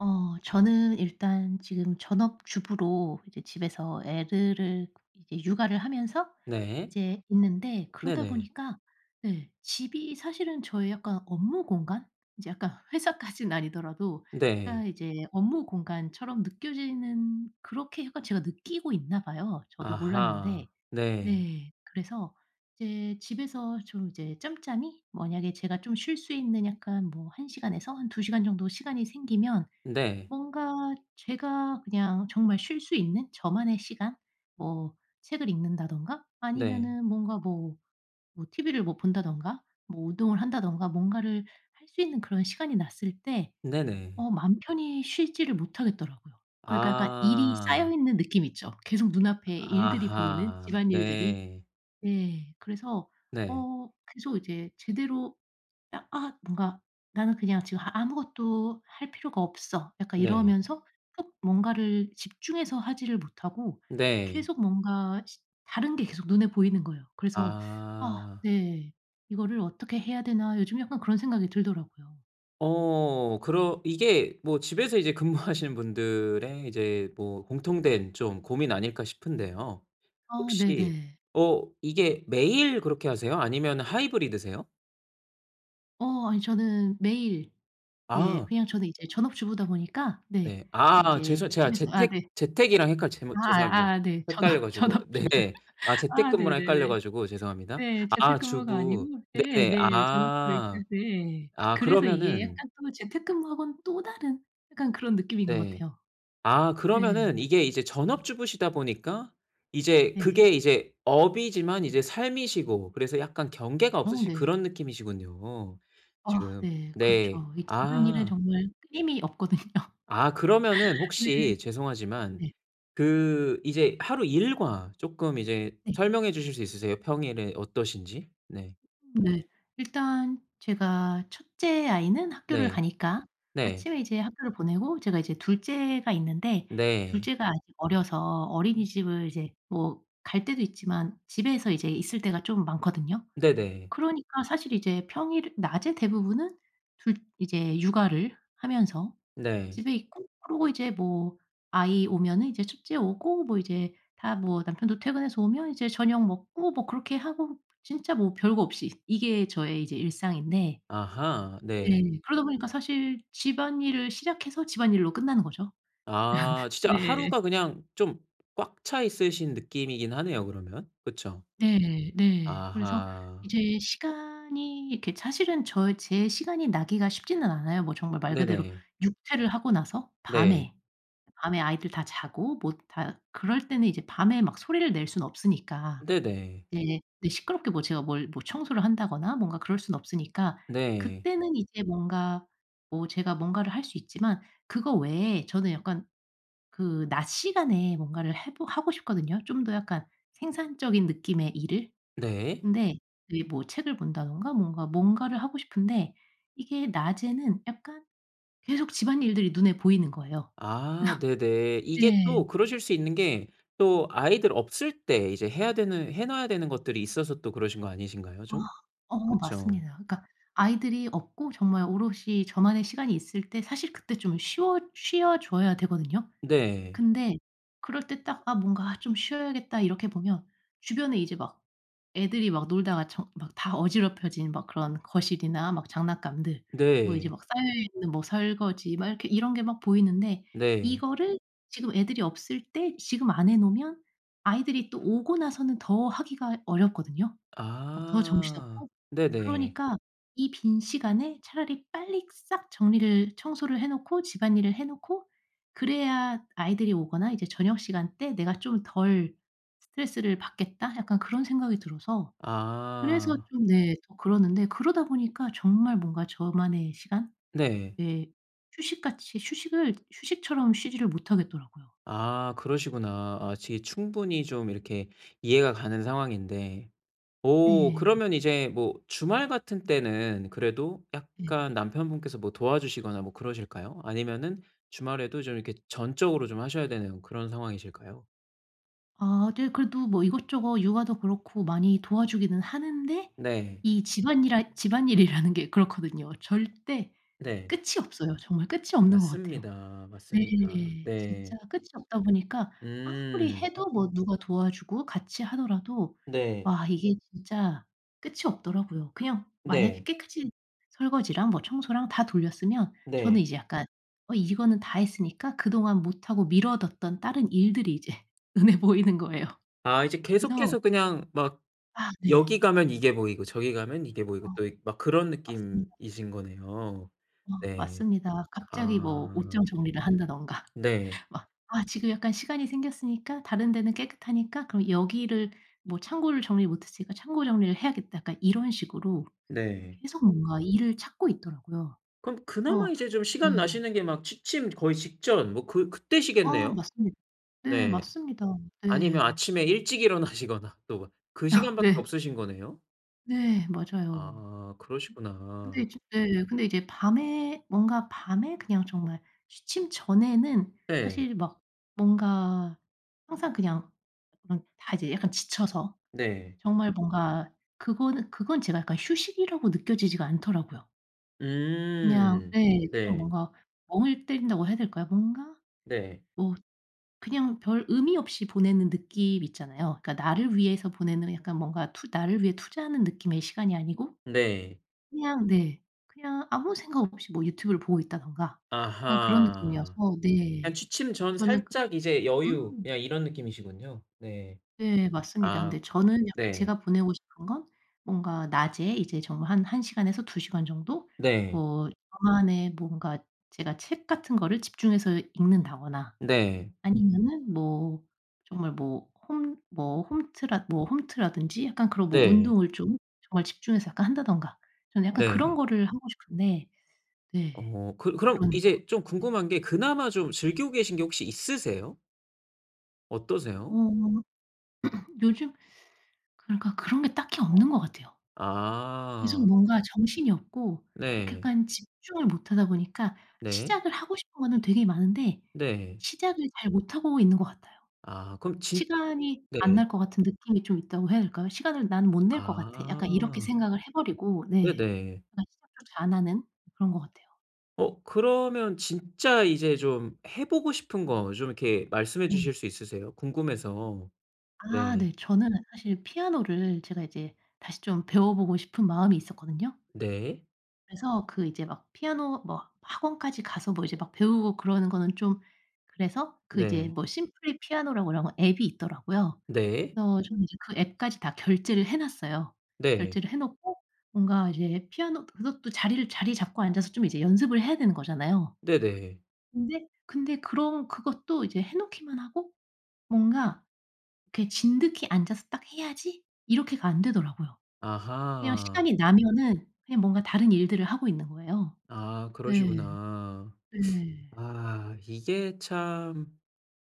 어 저는 일단 지금 전업주부로 이제 집에서 애들을 이 육아를 하면서 네. 이제 있는데 그러다 네네. 보니까 네 집이 사실은 저의 약간 업무 공간 이제 약간 회사까진 아니더라도 네. 그러니까 이제 업무 공간처럼 느껴지는 그렇게 약간 제가 느끼고 있나 봐요 저도 몰랐는데. 아하. 네. 네 그래서 이제 집에서 좀 이제 짬짬이 만약에 제가 좀 쉴 수 있는 약간 뭐 1 시간에서 한 2 시간 정도 시간이 생기면 네. 뭔가 제가 그냥 정말 쉴 수 있는 저만의 시간 뭐 책을 읽는다든가 네. 아니면은 뭔가 뭐 뭐 TV를 뭐 본다든가 뭐 운동을 한다든가 뭔가를 할 수 있는 그런 시간이 났을 때 네네. 어 맘 편히 쉬지를 못하겠더라고요. 그러니까 약간 일이 아. 쌓여있는 느낌 있죠. 계속 눈앞에 일들이 보이는 아하 집안일들이. 네. 예 그래서 네. 어 계속 이제 제대로 '아 아 뭔가 나는 그냥 지금 하 아무것도 할 필요가 없어.' 약간 네. 이러면서 어 뭔가를 집중해서 하지를 못하고 네. 계속 뭔가 시 다른 게 계속 눈에 보이는 거예요. 그래서 아 아. 네 '이거를 어떻게 해야 되나?' 요즘 약간 그런 생각이 들더라고요. 어 그러 이게 뭐 집에서 이제 근무하시는 분들의 이제 뭐 공통된 좀 고민 아닐까 싶은데요. 아 혹시 네네. 어 이게 매일 그렇게 하세요? 아니면 하이브리드세요? 어 아니 저는 매일 이제 아. 그냥 저는 이제 전업 주부다 보니까 네 네. 네 아 죄송 이제 제가 집에서 아 재택 네. 재택이랑 헷갈 아 제못 죄송합니다. 아 네. 전업 헷갈려 가지고 전업 주부 네. 아 아 재택근무랑 헷갈려 네네네. 가지고 죄송합니다. 네. 재택 아 근무가 주부 아니고 예 네네. 네. 전업 그러니까 아. 네. 아 그래서 이게 그러면은 약간 또 재택 근무하고는 또 다른 약간 그런 느낌인 것 네. 같아요. 아 그러면은 네. 이게 이제 전업주부시다 보니까 이제 예. 그게 이제 업이지만 이제 삶이시고 그래서 약간 경계가 어 없으신 네. 그런 느낌이시군요, 아 지금. 네. 네. 그렇죠. 이 집안일은 아. 정말 끊임이 없거든요. 아 그러면은 네. 혹시 죄송하지만 네. 그 이제 하루 일과 쪼끔 이제 네. 설명해 주실 수 있으세요, 평일에 어떠신지? 네. 네. 일단 제가 첫째 아이는 학교를 네. 가니까 네. 아침에 이제 학교를 보내고 제가 이제 둘째가 있는데 네. 둘째가 아직 어려서 음. 어린이집을 이제 뭐 갈 때도 있지만 집에서 이제 있을 때가 좀 많거든요. 네네. 그러니까 사실 이제 평일 낮에 대부분은 둘 이제 육아를 하면서 네. 집에 있고 그러고 이제 뭐 아이 오면은 이제 첫째 오고 뭐 이제 다 뭐 남편도 퇴근해서 오면 이제 저녁 먹고 뭐 그렇게 하고 진짜 뭐 별거 없이 이게 저의 이제 일상인데 아하. 네. 네. 그러다 보니까 사실 집안일을 시작해서 집안일로 끝나는 거죠. 아 진짜 네. 하루가 그냥 좀 꽉 차 있으신 느낌이긴 하네요, 그러면. 그쵸? 네. 네. 그래서 아하. 이제 시간이 이렇게 사실은 저 제 시간이 나기가 쉽지는 않아요. 뭐 정말 말 그대로 네네. 육퇴를 하고 나서 네. 밤에 밤에 아이들 다 자고 뭐 다 그럴 때는 이제 밤에 막 소리를 낼 순 없으니까 네네. 네네. 네. 시끄럽게 뭐 제가 뭘 뭐 청소를 한다거나 뭔가 그럴 순 없으니까 네. 그때는 이제 뭔가 뭐 제가 뭔가를 할 수 있지만 그거 외에 저는 약간 그 낮 시간에 뭔가를 해 보 하고 싶거든요, 좀 더 약간 생산적인 느낌의 일을. 네. 근데 이 뭐 책을 본다든가 뭔가 뭔가를 하고 싶은데 이게 낮에는 약간 계속 집안일들이 눈에 보이는 거예요. 아 네네. 이게 또 네. 그러실 수 있는 게 또 아이들 없을 때 이제 해야 되는 해 놔야 되는 것들이 있어서 또 그러신 거 아니신가요, 아. 좀? 어 그쵸. 맞습니다. 그러니까 아이들이 없고 정말 오롯이 저만의 시간이 있을 때 사실 그때 좀 쉬어 쉬어 줘야 되거든요. 네. 근데 그럴 때 딱 '아 뭔가 좀 쉬어야겠다.' 이렇게 보면 주변에 이제 막 애들이 막 놀다가 정 막 다 어지럽혀진 막 그런 거실이나 막 장난감들 뭐 이제 네. 막 쌓여있는 뭐 설거지 막 이렇게 이런 게 막 보이는데 네. 이거를 지금 애들이 없을 때 지금 안 해 놓으면 아이들이 또 오고 나서는 더 하기가 어렵거든요, 막 더 아 정신없고 네네. 그러니까 '이 빈 시간에 차라리 빨리 싹 정리를 청소를 해 놓고 집안일을 해 놓고 그래야 아이들이 오거나 이제 저녁 시간 때 내가 좀 덜 스트레스를 받겠다.' 약간 그런 생각이 들어서 그래서 아. 좀 네 더 그러는데 그러다 보니까 정말 뭔가 저만의 시간 네. 예 휴식같이 휴식을 휴식처럼 쉬지를 못하겠더라고요. 아 그러시구나. 아 이제 충분히 좀 이렇게 이해가 가는 상황인데 어 네. 그러면 이제 뭐 주말 같은 때는 그래도 예. 약간 남편분께서 뭐 도와주시거나 뭐 그러실까요? 아니면은 주말에도 좀 이렇게 전적으로 좀 하셔야 되는 그런 상황이실까요? 아 네. 그래도 뭐 이것저것 육아도 그렇고 많이 도와주기는 하는데, 네. 이 집안이라 집안일이라는 게 그렇거든요. 절대 네. 끝이 없어요. 정말 끝이 없는 것 같아요. 맞습니다. 맞습니다. 네. 진짜 네. 끝이 없다 보니까 아무리 음. 해도 뭐 누가 도와주고 같이 하더라도 네. 와 이게 진짜 끝이 없더라고요. 그냥 만약에 네. 깨끗이 설거지랑 뭐 청소랑 다 돌렸으면 네. 저는 이제 약간 어 이거는 다 했으니까 그동안 못하고 미뤄뒀던 다른 일들이 이제 눈에 보이는 거예요. 아 이제 그래서 계속해서 그냥 막 아 네. 여기 가면 이게 보이고 저기 가면 이게 보이고 또 이 막 그런 맞습니다. 느낌이신 거네요. 어 네. 맞습니다. 갑자기 뭐 아. 옷장 정리를 한다든가 네. 막 '아 지금 약간 시간이 생겼으니까 다른 데는 깨끗하니까 그럼 여기를 뭐 창고를 정리 못 했으니까 창고 정리를 해야겠다.' 약간 이런 식으로 네. 계속 뭔가 일을 찾고 있더라고요. 그럼 그나마 그래서 이제 좀 시간 네. 나시는 게 막 취침 거의 직전 뭐 그 아 그때시겠네요. 맞습니다. 네, 네. 맞습니다. 아니면 네. 아침에 일찍 일어나시거나 또 뭐 그 아. 시간밖에 네. 없으신 거네요? 네 맞아요. 아 근데 그러시구나. 이제 네. 예. 네. 그냥 음. 네. 그냥 네. 뭔가 멍을 때린다고 해야 될까요? 뭔가 네. 뭐 그냥 별 의미 없이 보내는 느낌 있잖아요. 그러니까 나를 위해서 보내는 약간 투 뭔가 나를 위해 투자하는 느낌의 시간이 아니고. 네. 그냥 네. 그냥 아무 생각 없이 뭐 유튜브를 보고 있다든가 그냥 그런 아하. 느낌이어서 그냥 네. 취침 전 저는 그 살짝 이제 여유 음. 그냥 이런 느낌이시군요. 네. 네 맞습니다. 아. 근데 저는 약간 네. 제가 보내고 싶은 건 뭔가 낮에 이제 정말 한 1 시간에서 2 시간 정도 네. 뭐 저만의 뭔가 제가 책 같은 거를 집중해서 읽는다거나 네. 아니면은 뭐 정말 뭐 홈 뭐 홈트라 뭐 홈트라든지 약간 그런 뭐 네. 운동을 좀 정말 집중해서 약간 한다든가. 저는 약간 그런 네. 거를 하고 싶은데. 네 어 그 그럼 그러네요. 이제 좀 궁금한 게 그나마 좀 즐기고 계신 게 혹시 있으세요? 어. 어떠세요? 요즘 그러니까 그런 게 딱히 없는 것 같아요. 계속 아. 뭔가 정신이 없고 이렇게 네. 약간 집중을 못 하다 보니까 네. 시작을 하고 싶은 거는 되게 많은데 네. 시작을 잘 못하고 있는 것 같아요. 아 그럼 진 시간이 네. 안 날 것 같은 느낌이 좀 있다고 해야 될까요? '시간을 난 못 낼 것 같아.' 약간 이렇게 아. 생각을 해 버리고 네. 네네. 그런 생각조차 안하는 그런 거 같아요. 어 그러면 진짜 이제 좀 해보고 싶은 거 좀 이렇게 말씀해 네. 주실 수 있으세요? 궁금해서. 아 네. 네 저는 사실 피아노를 제가 이제 다시 좀 배워보고 싶은 마음이 있었거든요. 네. 그래서 그 이제 막 피아노 뭐 학원까지 가서 뭐 이제 막 배우고 그러는 거는 좀 그래서 그 이제 네. 뭐 Simply Piano라고 그런 앱이 있더라고요. 네. 그래서 좀 이제 그 앱까지 다 결제를 해 놨어요. 네. 결제를 해 놓고 뭔가 이제 피아노 그것도 자리를 자리 잡고 앉아서 좀 이제 연습을 해야 되는 거잖아요. 네네. 근데 근데 그런 그것도 이제 해 놓기만 하고 뭔가 이렇게 '진득이 앉아서 딱 해야지.' 이렇게가 안 되더라고요. 그냥 아하. 시간이 나면은 그냥 뭔가 다른 일들을 하고 있는 거예요. 아 네. 그러시구나. 네. 아, 이게 참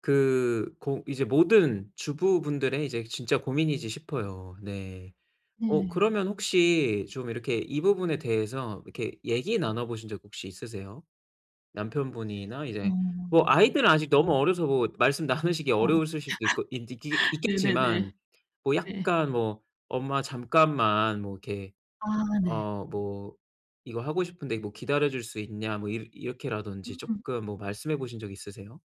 그 고 이제 모든 주부분들의 이제 진짜 고민이지 싶어요. 네. 어 네. 그러면 혹시 좀 이렇게 이 부분에 대해서 이렇게 얘기 나눠보신 적 혹시 있으세요? 남편분이나 어. 이제 뭐 아이들은 아직 너무 음. 어려서 뭐 말씀 나누시기 어. 어려우실 수도 있고 있 있기 네, 네, 네. 있겠지만 뭐 네. 약간 뭐 "엄마 잠깐만 뭐 이렇게 아 네. 어 뭐 이거 하고 싶은데 뭐 기다려줄 수 있냐." 뭐 이렇 이렇게 라든지 음. 쪼끔 뭐 말씀해 보신 적 있으세요?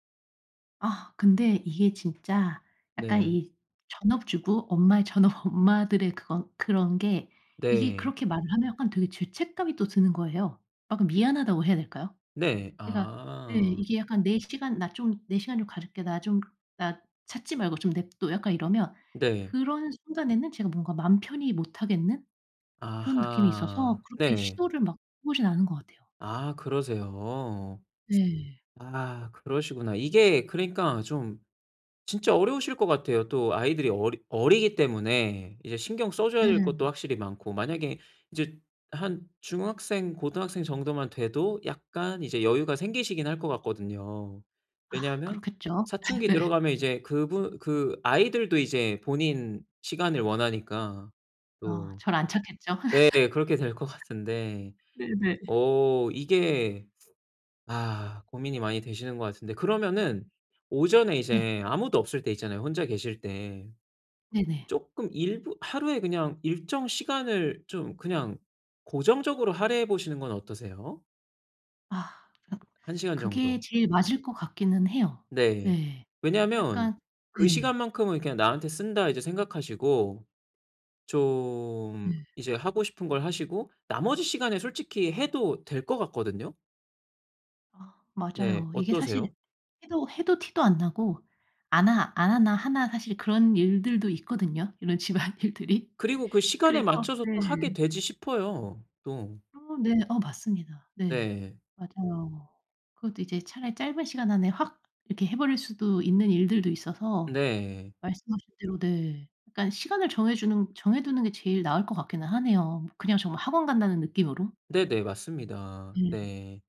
아. 근데 이게 진짜 약간 네. 이 전업주부 엄마의 전업 엄마들의 그것 그런 게 이게 네. 그렇게 말을 하면 약간 되게 죄책감이 또 드는 거예요. 아, 그 미안하다고 해야 될까요? 네, 그러니까 네 아. 이게 약간 "내 시간 나 좀 내 시간 좀 가질게. 나 좀 나 찾지 말고 좀 내버려 둬." 약간 이러면 네. 그런 순간에는 제가 뭔가 맘 편히 못 하겠는 그런 느낌이 있어서 아하. 그렇게 네. 시도를 막 해 보진 않은 것 같아요. 아, 그러세요. 네. 아, 그러시구나. 이게 그러니까 좀 진짜 어려우실 것 같아요. 또 아이들이 어리 어리기 때문에 이제 신경 써 줘야 될 것도 네. 확실히 많고. 만약에 이제 한 중학생, 고등학생 정도만 돼도 약간 이제 여유가 생기시긴 할 것 같거든요. 아, 왜냐하면 그렇겠죠. 사춘기 네. 들어가면 이제 그부 그 아이들도 이제 본인 시간을 원하니까 어, 또. 절 안 찾겠죠. 네, 그렇게 될 것 같은데. 네네. 어. 이게 아 고민이 많이 되시는 것 같은데 그러면은 오전에 네. 이제 아무도 없을 때 있잖아요, 혼자 계실 때. 네네. 쪼끔 일부 하루에 그냥 일정 시간을 좀 그냥 고정적으로 할애해 보시는 건 어떠세요? 아 으 1 시간 그게 정도. 제일 맞을 것 같기는 해요. 네. 예. 왜냐하면 약간 '그 네. 시간만큼은 그냥 나한테 쓴다.' 이제 생각하시고 좀 네. 이제 하고 싶은 걸 하시고 나머지 시간에 솔직히 해도 될 것 같거든요. 아 네 맞아요. 이게 사실 어떠세요? 해도 해도 티도 안 나고 안 하 안 하나 하나 사실 그런 일들도 있거든요 이런 집안일들이. 그리고 그 시간에 그래서 맞춰서 또 하게 네. 되지 싶어요 또. 어 네. 어 맞습니다. 네. 네. 맞아요. 그것도 이제 차라리 짧은 시간 안에 확 이렇게 해 버릴 수도 있는 일들도 있어서 네. 말씀하신 대로 네 그러니깐 시간을 정해 주는 정해 두는 게 제일 나을 것 같기는 하네요. 그냥 정말 학원 간다는 느낌으로. 네네 맞습니다. 음. 네.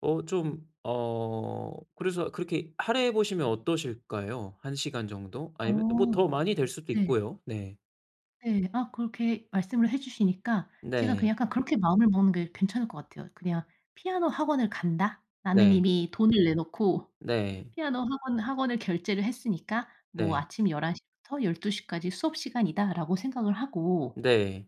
어 좀 어 그래서 그렇게 할애해 보시면 어떠실까요 1 시간 정도? 어 아니면 뭐 더 많이 될 수도 네. 있고요. 네. 네 아 그렇게 말씀을 해 주시니까 제가 그 네. 약간 그렇게 마음을 먹는 게 괜찮을 것 같아요. 그냥 '피아노 학원을 간다. 나는 네. 이미 돈을 내놓고 네. 피아노 학원 학원을 결제를 했으니까 뭐 네. 아침 11:00 부터 12:00 까지 수업 시간이다.'라고 생각을 하고 네.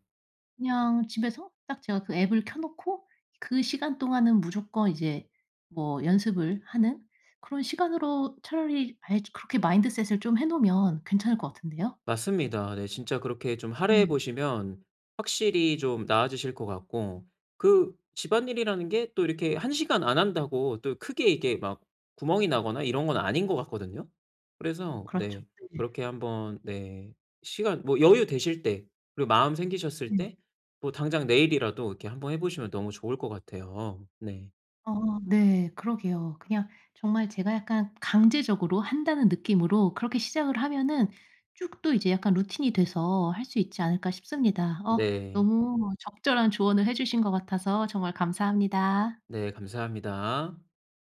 그냥 집에서 딱 제가 그 앱을 켜 놓고 그 시간 동안은 무조건 이제 뭐 연습을 하는 그런 시간으로 차라리 아예 그렇게 마인드셋을 좀 해 놓으면 괜찮을 것 같은데요. 맞습니다. 네 진짜 그렇게 좀 할애해 네. 보시면 확실히 좀 나아지실 것 같고 그 집안일이라는 게 또 이렇게 1 시간 안 한다고 또 크게 이게 막 구멍이 나거나 이런 건 아닌 것 같거든요. 그래서 그렇죠. 네 네. 그렇게 한번 네 시간 뭐 여유 되실 때 그리고 마음 생기셨을 음. 때 뭐 당장 내일이라도 이렇게 한번 해 보시면 너무 좋을 것 같아요. 네. 어 네 그러게요. 그냥 정말 제가 약간 강제적으로 한다는 느낌으로 그렇게 시작을 하면은 쭉 또 이제 약간 루틴이 돼서 할 수 있지 않을까 싶습니다. 어 네. 너무 적절한 조언을 해 주신 것 같아서 정말 감사합니다. 네 감사합니다.